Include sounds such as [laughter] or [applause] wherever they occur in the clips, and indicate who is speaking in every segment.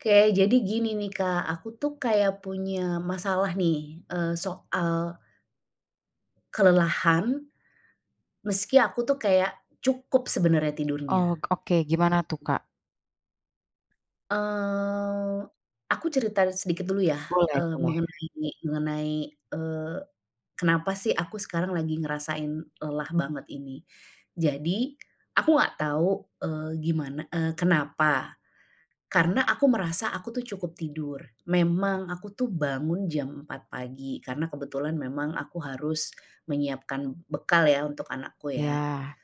Speaker 1: Oke. Jadi gini nih, Kak, aku tuh kayak punya masalah nih, eee, soal kelelahan. Meski aku tuh kayak, cukup sebenarnya tidurnya.
Speaker 2: Oh oke, gimana tuh, Kak?
Speaker 1: Eee, aku cerita sedikit dulu ya. E
Speaker 2: Boleh boleh.
Speaker 1: mengenai, mengenai, eee, kenapa sih aku sekarang lagi ngerasain lelah banget ini. Jadi, aku enggak tahu, eee, gimana, e kenapa? Karena aku merasa aku tuh cukup tidur. Memang aku tuh bangun jam 4 pagi, karena kebetulan memang aku harus, menyiapkan bekal ya, untuk anakku ya.
Speaker 2: Ya.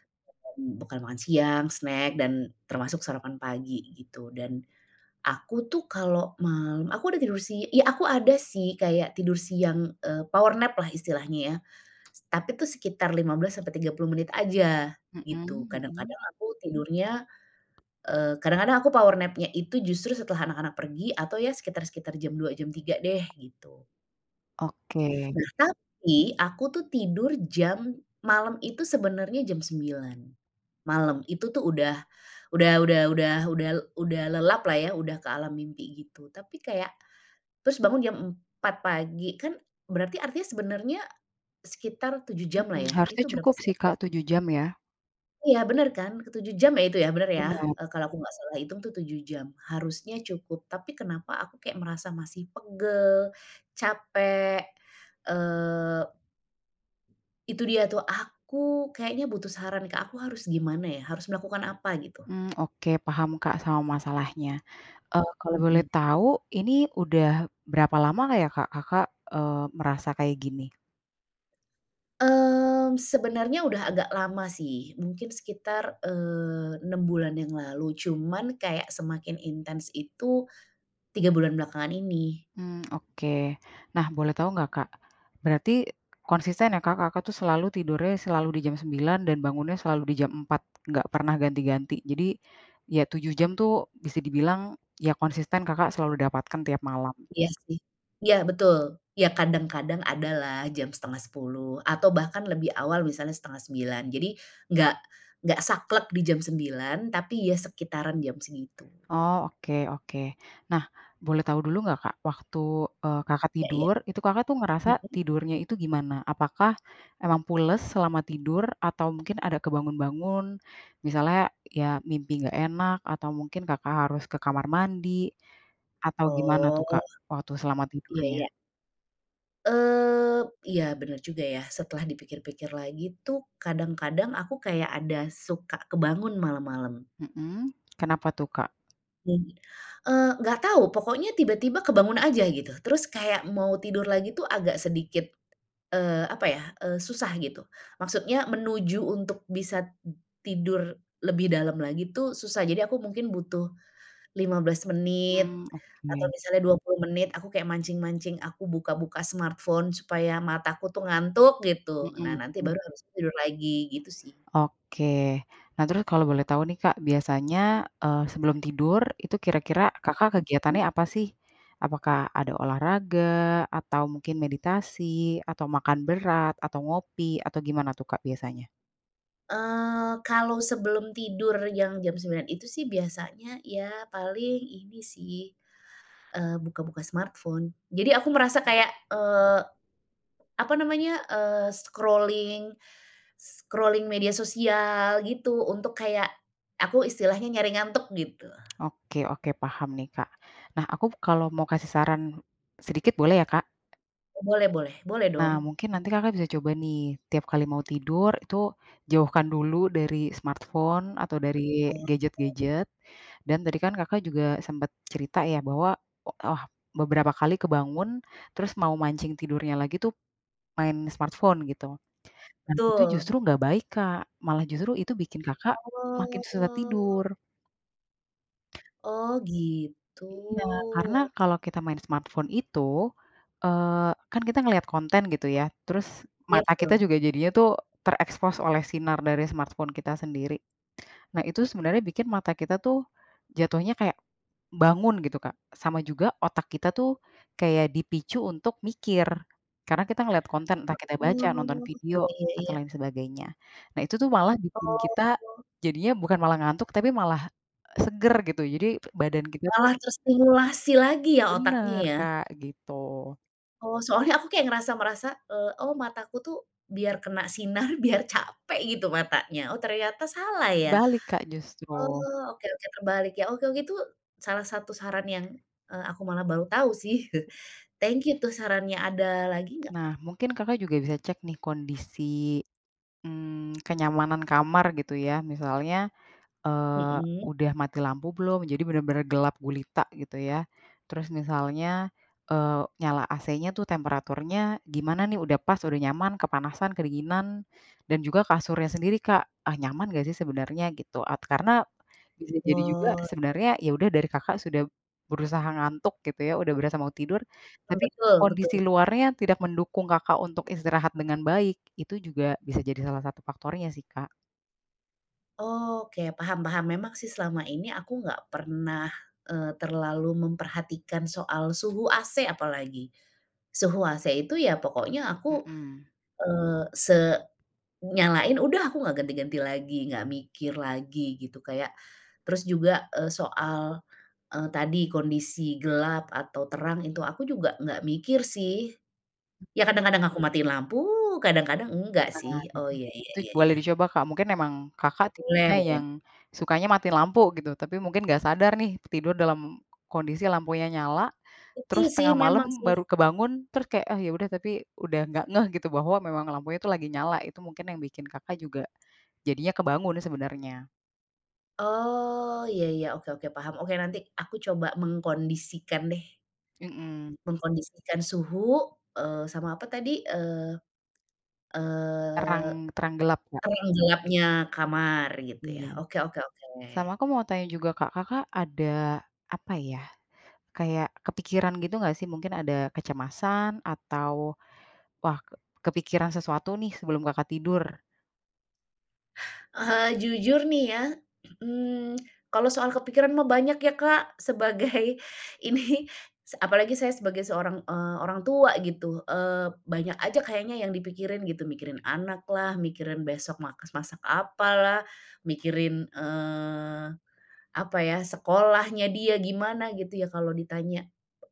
Speaker 1: Bekal makan siang, snack dan termasuk sarapan pagi, gitu. Dan, aku tuh kalau malam, aku udah tidur si ya aku ada sih kayak tidur siang, eee, power nap lah, istilahnya ya. Tapi tuh sekitar 15 sampai 30 menit aja, gitu.
Speaker 2: Mhm mhm.
Speaker 1: Kadang-kadang aku tidurnya, eee, kadang-kadang aku power nap-nya itu justru setelah anak-anak pergi, atau ya sekitar-sekitar jam 2 jam 3 deh, gitu.
Speaker 2: Oke.
Speaker 1: Nah, tapi aku tuh tidur jam malam itu sebenarnya jam 9.00 malam. Itu tuh udah udah udah udah udah udah lelap lah, ya, udah ke alam mimpi, gitu. Tapi, kayak terus bangun jam 4.00 pagi, kan, berarti artinya sebenarnya sekitar 7 jam lah
Speaker 2: Mhm,
Speaker 1: ya,
Speaker 2: harusnya
Speaker 1: itu berapa
Speaker 2: cukup
Speaker 1: sih,
Speaker 2: sih Kak,
Speaker 1: waktunya?
Speaker 2: 7 jam, ya?
Speaker 1: Iya, bener kan? Ke-7 jam ya, itu ya, benar, ya?
Speaker 2: Benar.
Speaker 1: Eee, kalau aku enggak salah hitung itu, 7 jam, harusnya cukup. Tapi, kenapa aku kayak merasa masih pegel, capek, eee itu dia tuh. Aku, kayaknya butuh saran Kak, aku harus gimana ya? Harus melakukan apa, gitu?
Speaker 2: Mmm, oke paham Kak, sama masalahnya, eee, kalau boleh
Speaker 1: Mhm.
Speaker 2: tahu, ini udah berapa lama nggak ya Kak, Kakak, eee, merasa, kayak gini?
Speaker 1: Mmm, sebenarnya sudah agak lama sih, mungkin sekitar, eee, 6 bulan yang lalu, cuma kayak semakin intens itu 3 bulan belakangan ini.
Speaker 2: Hmm, oke. Nah, boleh tahu nggak Kak? Berarti, konsisten ya, Kak? Kakak tuh, selalu tidurnya, selalu di jam 9.00 dan bangunnya selalu di jam 4.00, enggak pernah ganti-ganti. Jadi, ya 7 jam tuh, bisa dibilang, ya, konsisten Kakak selalu dapatkan tiap malam?
Speaker 1: Iya, sih. Iya, betul! Iya, kadang-kadang, ada lah, jam 9.30, atau bahkan lebih awal, misalnya 8.30. Jadi, enggak enggak saklek di jam 9.00, tapi, ya sekitaran jam segitu.
Speaker 2: Oh, oke oke. Nah, boleh tahu dulu nggak Kak, waktu, eee, Kakak
Speaker 1: Iya iya,
Speaker 2: tidur, itu Kakak tuh, ngerasa
Speaker 1: mhm?
Speaker 2: tidurnya itu, gimana? Apakah, emang pules selama tidur? Atau, mungkin ada kebangun-bangun? Misalnya, ya, mimpi nggak enak, atau mungkin Kakak harus ke kamar mandi? Atau, gimana tuh,
Speaker 1: Oh.
Speaker 2: Kak, waktu selama
Speaker 1: Iya iya.
Speaker 2: tidurnya?
Speaker 1: Eee, iya bener juga ya. Setelah dipikir-pikir lagi tuh kadang-kadang aku kayak ada suka kebangun malam-malam.
Speaker 2: Mhm, kenapa tuh Kak?
Speaker 1: Mhm, eee, enggak tahu, pokoknya tiba-tiba kebangun aja gitu. Terus kayak mau tidur lagi tuh agak sedikit, eee, apa ya, eee, susah gitu. Maksudnya menuju untuk bisa tidur lebih dalam lagi tuh susah. Jadi aku mungkin butuh 15 menit
Speaker 2: Mmm,
Speaker 1: atau
Speaker 2: oke.
Speaker 1: misalnya 20 menit, aku kayak mancing-mancing aku buka-buka smartphone supaya mataku tuh ngantuk gitu. Nah
Speaker 2: Mhm,
Speaker 1: nanti
Speaker 2: mmm.
Speaker 1: baru habis tuh tidur lagi gitu sih.
Speaker 2: Oke. Nah terus kalau boleh tahu nih, Kak, biasanya, eee, sebelum tidur itu kira-kira Kakak
Speaker 1: Mhm.
Speaker 2: kegiatannya apa sih? Apakah ada olahraga, atau mungkin meditasi, atau makan berat, atau ngopi atau gimana tuh Kak biasanya?
Speaker 1: Eee, kalau sebelum tidur yang jam jam 09.00 itu sih biasanya ya paling ini sih, eee, buka-buka smartphone, jadi aku merasa kayak, eee, apa namanya, eee, scrolling, scrolling media sosial gitu untuk kayak aku istilahnya nyari ngantuk gitu.
Speaker 2: Oke oke paham nih Kak. Nah, aku kalau mau kasih saran sedikit boleh ya Kak?
Speaker 1: Oh, boleh boleh. Boleh,
Speaker 2: Nah,
Speaker 1: dong.
Speaker 2: mungkin nanti Kakak bisa coba, nih. Tiap kali mau tidur, itu jauhkan dulu dari smartphone atau dari
Speaker 1: [unintelligible]
Speaker 2: gadget-gadget. Dan tadi kan Kakak juga sempet cerita ya, bahwa o ah, beberapa kali kebangun, terus mau mancing tidurnya lagi tuh, main smartphone, gitu. Nah, itu
Speaker 1: Betul.
Speaker 2: justru nggak baik, Kak. Malah justru itu bikin Kakak, makin susah tidur.
Speaker 1: Oh. Oh, gitu.
Speaker 2: Iya, karena kalau kita main smartphone itu, eee, kan kita ngeliat konten, gitu ya. Terus,
Speaker 1: Ya,
Speaker 2: mata kita
Speaker 1: betul.
Speaker 2: juga jadinya tuh, terekspos oleh sinar dari smartphone kita sendiri. Nah, itu sebenarnya bikin mata kita tuh, jatuhnya kayak bangun, gitu Kak. Sama juga otak kita tuh, kayak dipicu untuk mikir. Karena kita ngelihat konten, entah kita baca, nonton
Speaker 1: Oh, ya
Speaker 2: video,
Speaker 1: ya
Speaker 2: atau
Speaker 1: ya.
Speaker 2: lain sebagainya. Nah, itu tuh malah bikin kita,
Speaker 1: Oh.
Speaker 2: jadinya bukan malah ngantuk, tapi malah seger gitu, jadi badan kita tuh
Speaker 1: Malah terstimulasi lagi ya, otaknya,
Speaker 2: Bener
Speaker 1: ya.
Speaker 2: Kak, gitu.
Speaker 1: Oh, soalnya aku kayak ngerasa merasa, eee, "Oh, mataku tuh, biar kena sinar, biar capek, gitu, matanya." Oh, ternyata salah, ya?
Speaker 2: Kebalik Kak, justru.
Speaker 1: Oh, oke oke, terbalik ya. Okew, gitu, salah satu saran yang, eee, aku malah baru tahu, sih. [chuckles] Thank you tuh, sarannya. Ada lagi nggak,
Speaker 2: Nah,
Speaker 1: Kak?
Speaker 2: mungkin Kakak juga bisa cek nih, kondisi, mmm, kenyamanan kamar, gitu ya. Misalnya, eee,
Speaker 1: Mhm.
Speaker 2: udah mati lampu belum, jadi bener-bener gelap gulita, gitu ya. Terus misalnya, eee, nyala AC-nya tuh temperaturnya gimana nih, udah pas, udah nyaman, kepanasan, kedinginan? Dan juga kasurnya sendiri, Kak, ah, nyaman nggak sih, sebenarnya gitu. At karena, bisa jadi juga,
Speaker 1: Oh, [unintelligible]
Speaker 2: sebenarnya, ya udah dari Kakak sudah berusaha ngantuk, gitu ya, udah berasa mau tidur,
Speaker 1: Mmm,
Speaker 2: tapi
Speaker 1: betul betul.
Speaker 2: kondisi luarnya tidak mendukung Kakak untuk istirahat dengan baik. Itu juga bisa jadi salah satu faktornya sih, Kak.
Speaker 1: Oh, oke paham paham. Memang sih, selama ini aku enggak pernah, eee, terlalu memperhatikan soal suhu AC, apalagi. Suhu AC itu, ya pokoknya aku,
Speaker 2: Mhm.
Speaker 1: eee, se nyalain udah aku enggak ganti-ganti lagi, enggak mikir lagi, gitu, kayak terus juga soal, eee, tadi kondisi gelap atau terang, itu aku juga enggak mikir sih. Ya, kadang-kadang aku matiin lampu, kadang-kadang enggak
Speaker 2: Nah,
Speaker 1: sih. Oh, iya iya
Speaker 2: itu
Speaker 1: iya
Speaker 2: boleh
Speaker 1: iya.
Speaker 2: dicoba Kak, mungkin emang Kakak
Speaker 1: Boleh
Speaker 2: tipenya yang
Speaker 1: boleh.
Speaker 2: sukanya matiin lampu gitu, tapi mungkin nggak sadar nih, tidur dalam kondisi lampunya nyala.
Speaker 1: Penting
Speaker 2: Terus,
Speaker 1: sih,
Speaker 2: tengah
Speaker 1: memang
Speaker 2: malam
Speaker 1: sih
Speaker 2: baru kebangun, terus, kayak, "Ah, ya udah," tapi, udah nggak ngeh gitu, bahwa memang lampunya itu lagi nyala, itu mungkin yang bikin Kakak, juga jadinya kebangun sebenarnya.
Speaker 1: Oh, iya iya, oke oke, paham. Oke, nanti aku coba mengkondisikan deh
Speaker 2: Mhm.
Speaker 1: mengkondisikan suhu eee, sama apa tadi, eee, eee,
Speaker 2: Terang terang gelap, Kak?
Speaker 1: terang gelapnya kamar, gitu ya.
Speaker 2: Iya.
Speaker 1: Oke oke
Speaker 2: Sama
Speaker 1: oke.
Speaker 2: aku mau tanya juga Kak, Kakak ada, apa ya, kayak kepikiran gitu, nggak sih? Mungkin, ada kecemasan? Atau, "Wah, kepikiran sesuatu nih?" Sebelum Kakak tidur?
Speaker 1: Eee, jujur nih ya, mmm, kalau soal kepikiran mah banyak ya Kak, sebagai ini, s apalagi saya sebagai seorang, eee, orang tua gitu. Eee, banyak aja kayaknya yang dipikirin gitu, mikirin anak lah, mikirin besok makas masak apalah, mikirin, eee, apa ya, sekolahnya dia gimana gitu ya, kalau ditanya,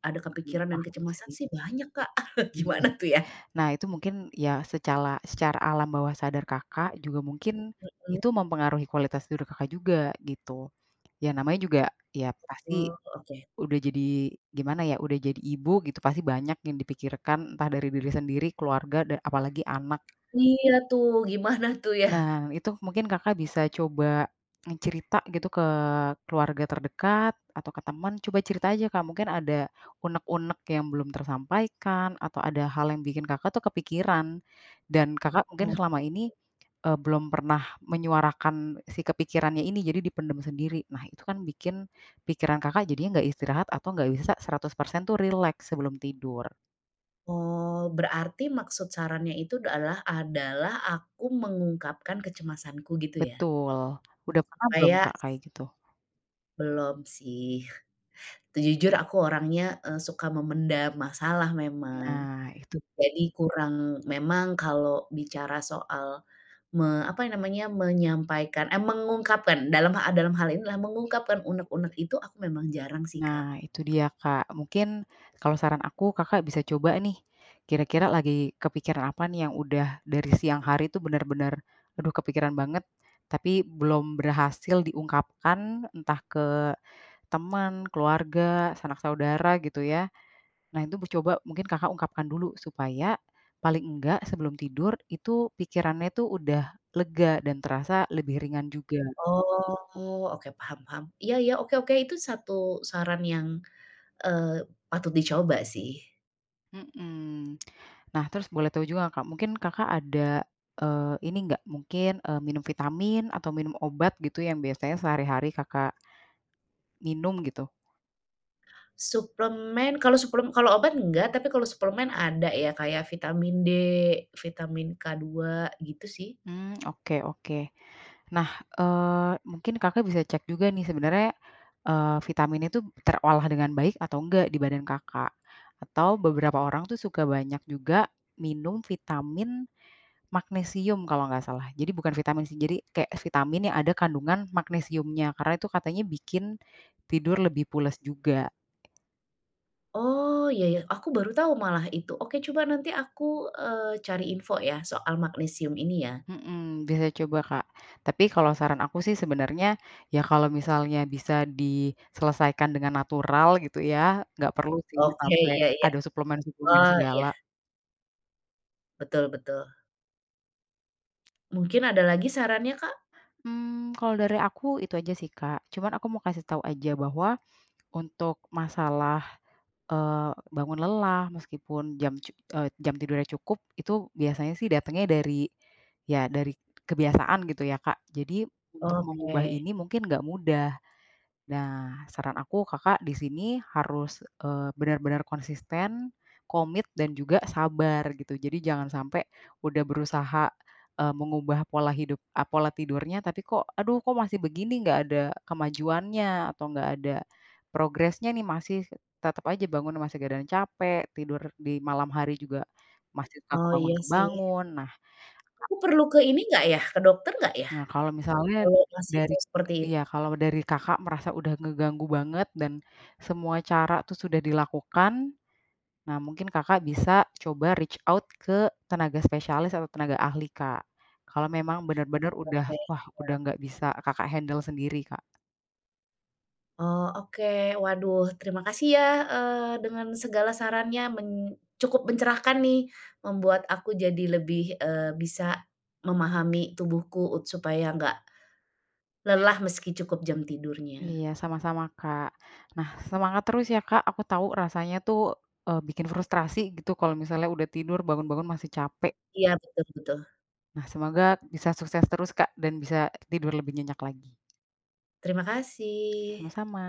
Speaker 1: ada
Speaker 2: Mmm, mhm,
Speaker 1: kepikiran dan
Speaker 2: paham
Speaker 1: kecemasan
Speaker 2: sih.
Speaker 1: sih banyak Kak. [chuckles]
Speaker 2: Iya.
Speaker 1: Gimana tuh ya?
Speaker 2: Nah itu mungkin, ya secala secara alam bawah sadar Kakak juga mungkin, itu
Speaker 1: Hmm.
Speaker 2: mempengaruhi kualitas tidur Kakak juga, gitu. Ya namanya juga, ya pasti,
Speaker 1: Oh, oke.
Speaker 2: udah jadi, gimana ya, udah jadi ibu gitu, pasti banyak yang dipikirkan entah dari diri sendiri, keluarga da apalagi anak.
Speaker 1: Iya tuh, gimana tuh ya?
Speaker 2: Nah, itu mungkin Kakak bisa coba, mencerita gitu ke keluarga terdekat atau ke teman, coba cerita aja Kak, mungkin ada unek-unek yang belum tersampaikan, atau ada hal yang bikin Kakak tuh kepikiran. Dan Kakak mungkin
Speaker 1: Oh.
Speaker 2: selama ini, e belum pernah menyuarakan si kepikirannya ini jadi dipendem sendiri. Nah itu kan bikin, pikiran Kakak jadinya nggak istirahat atau nggak bisa 100% tuh rileks sebelum tidur.
Speaker 1: Oh, berarti maksud sarannya itu dalah adalah aku mengungkapkan kecemasanku gitu ya?
Speaker 2: Betul, udah pernah belum,
Speaker 1: Supaya
Speaker 2: Kak, kayak gitu?
Speaker 1: Belum sih. Tuh jujur aku orangnya, eee, suka memendam masalah memang.
Speaker 2: Nah, itu
Speaker 1: Jadi kurang memang kalau bicara soal me apa ya namanya? Menyampaikan, eee, mengungkapkan dalam ah dalam hal ini lah mengungkapkan unek-unek itu aku memang jarang sih, Kak.
Speaker 2: Nah, itu dia, Kak, mungkin kalau saran aku, Kakak bisa coba nih, kira-kira lagi kepikiran apa nih yang udah dari siang hari tuh bener-bener, "Aduh kepikiran banget," tapi belum berhasil diungkapkan entah ke teman, keluarga, sanak saudara gitu ya. Nah itu bu coba mungkin, Kakak ungkapkan dulu supaya, paling enggak sebelum tidur, itu pikirannya tu udah lega dan terasa lebih ringan juga.
Speaker 1: Oh, oke, paham paham. Iya iya, oke oke, itu 1 saran yang, eee, patut dicoba sih.
Speaker 2: Mhm. Nah terus boleh tahu juga nggak Kak, mungkin Kakak ada, eee, ini nggak mungkin, eee, minum vitamin atau minum obat gitu yang biasanya sehari-hari Kakak minum gitu.
Speaker 1: Suplemen, kalau suplem kalau obat enggak. Tapi, kalau suplemen ada, ya, kayak Vitamin D, Vitamin K2, gitu sih.
Speaker 2: Mmm, [smacks lips] oke oke. Nah, eee, mungkin Kakak bisa cek juga nih, sebenarnya, eee, vitaminnya tuh, terolah dengan baik, atau enggak, di badan Kakak? Atau, beberapa orang tuh, suka banyak juga minum Vitamin Magnesium, kalau enggak salah. Jadi, bukan Vitamin C, jadi, kayak vitamin yang ada kandungan magnesiumnya. Karena, itu katanya bikin tidur lebih pules juga.
Speaker 1: Oh, iya iya, aku baru tahu malah, itu. Oke, coba nanti aku, eee, cari info ya, soal Magnesium ini ya.
Speaker 2: Mhm, bisa coba Kak. Tapi, kalau saran aku sih, sebenarnya, ya, kalau misalnya bisa diselesaikan dengan natural, gitu ya. Nggak perlu sih,
Speaker 1: Oke,
Speaker 2: sampai
Speaker 1: iya iya.
Speaker 2: ada suplemen-suplemen
Speaker 1: Oh, iya.
Speaker 2: segala.
Speaker 1: Betul betul. Mungkin, ada lagi sarannya Kak?
Speaker 2: Mmm, kalau dari aku itu aja sih Kak. Cuman, aku mau kasih tahu aja bahwa untuk masalah, eee, bangun lelah, meskipun jam cu eee, jam tidurnya cukup, itu biasanya sih datangnya dari ya, dari kebiasaan, gitu ya, Kak. Jadi, untuk mengubah
Speaker 1: Oke.
Speaker 2: ini mungkin nggak mudah. Nah, saran aku, Kakak di sini harus, eee, benar-benar konsisten, komit, dan juga sabar, gitu. Jadi, jangan sampai udah berusaha, eee, mengubah pola hidup eee, pola tidurnya, tapi kok, "Aduh, kok masih begini, enggak ada kemajuannya?" Atau, enggak ada progresnya nih, masih tetap aja bangunnya, masih badan capek, tidur di malam hari juga masih suka
Speaker 1: Oh, iya sih.
Speaker 2: kebangun-bangun. Nah
Speaker 1: Aku perlu ke ini enggak ya, ke dokter enggak ya?
Speaker 2: Nah, kalau misalnya
Speaker 1: Kalau masih
Speaker 2: dari
Speaker 1: seperti itu?
Speaker 2: iya, kalau dari Kakak merasa udah ngeganggu banget, dan, semua cara itu sudah dilakukan. Nah, mungkin Kakak bisa coba reach out ke tenaga spesialis, atau, tenaga ahli, Kak. Kalau memang benar-benar, udah,
Speaker 1: Oke,
Speaker 2: wah, udah
Speaker 1: siap.
Speaker 2: nggak bisa Kakak handle sendiri Kak.
Speaker 1: Oh, oke. Waduh, terima kasih ya, eee, dengan segala sarannya men cukup mencerahkan nih, membuat aku jadi lebih, eee, bisa memahami tubuhku supaya nggak lelah, meski cukup jam tidurnya.
Speaker 2: Iya, sama-sama Kak. Nah, semangat terus ya, Kak, aku tahu rasanya tuh, eee, bikin frustrasi gitu, kalau misalnya udah tidur, bangun-bangun masih capek.
Speaker 1: Iya, betul betul.
Speaker 2: Nah, semoga bisa sukses terus Kak, dan bisa tidur lebih nyenyak lagi.
Speaker 1: Terima kasih.
Speaker 2: Sama-sama.